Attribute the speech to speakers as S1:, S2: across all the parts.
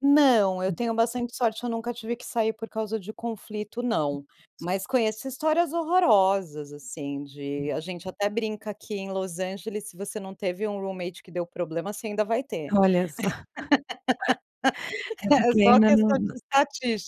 S1: Não, eu
S2: Hum.
S1: tenho bastante sorte eu nunca tive que sair por causa de conflito não.
S2: [unintelligible]
S1: Mas conheço histórias horrorosas, assim,
S2: Sim.
S1: de a gente até brinca aqui em Los Angeles, se você não teve um roommate que deu problema, você ainda vai ter.
S2: Olha só. É
S1: É
S2: porque
S1: só
S2: ainda não
S1: questão de
S2: nã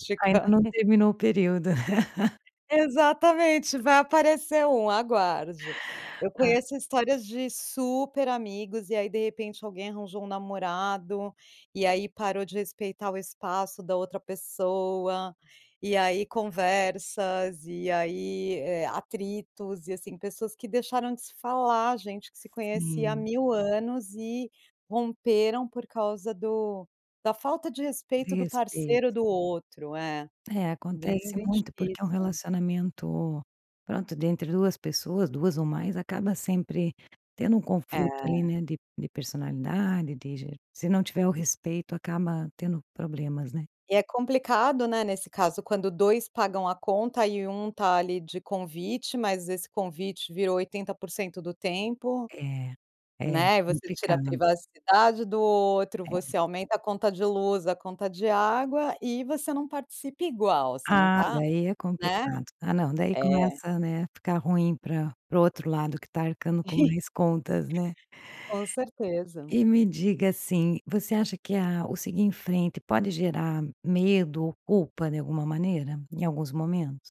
S2: eh, ainda não terminou o período.
S1: Exatamente, vai aparecer um, aguarde. Eu
S2: Ah.
S1: conheço histórias de super amigos e aí, de repente, alguém arranjou um namorado, e aí parou de respeitar o espaço da outra pessoa. E aí conversas e aí, eh, atritos e, assim, pessoas que deixaram de se falar, gente que se conhecia há
S2: Sim.
S1: mil anos e romperam por causa do da falta de
S2: De
S1: respeito do
S2: respeito.
S1: parceiro do outro, é.
S2: É,
S1: Bem,
S2: acontece
S1: bem
S2: muito porque é um
S1: difícil.
S2: relacionamento, pronto, dentre 2 pessoas. 2 ou mais acaba sempre tendo um conflito, ali,
S1: É.
S2: né, de de personalidade, de je se não tiver o respeito, acaba tendo problemas, né?
S1: E é complicado, né, nesse caso quando 2 pagam a conta e 1 está ali de convite mas esse convite virou 80% do tempo,
S2: É, é
S1: né. E você tira a
S2: complicado.
S1: privacidade do outro,
S2: É.
S1: você aumenta a conta de luz, a conta de água e você não participa igual, você não
S2: Ah,
S1: está
S2: daí é
S1: né?
S2: complicado. Ah, não, daí
S1: É.
S2: começa, né, a ficar ruim para para o outro lado que está arcando com mais contas, né?
S1: Com certeza.
S2: E me diga, assim, você acha que a o seguir em frente pode gerar medo ou culpa de alguma maneira? Em alguns momentos?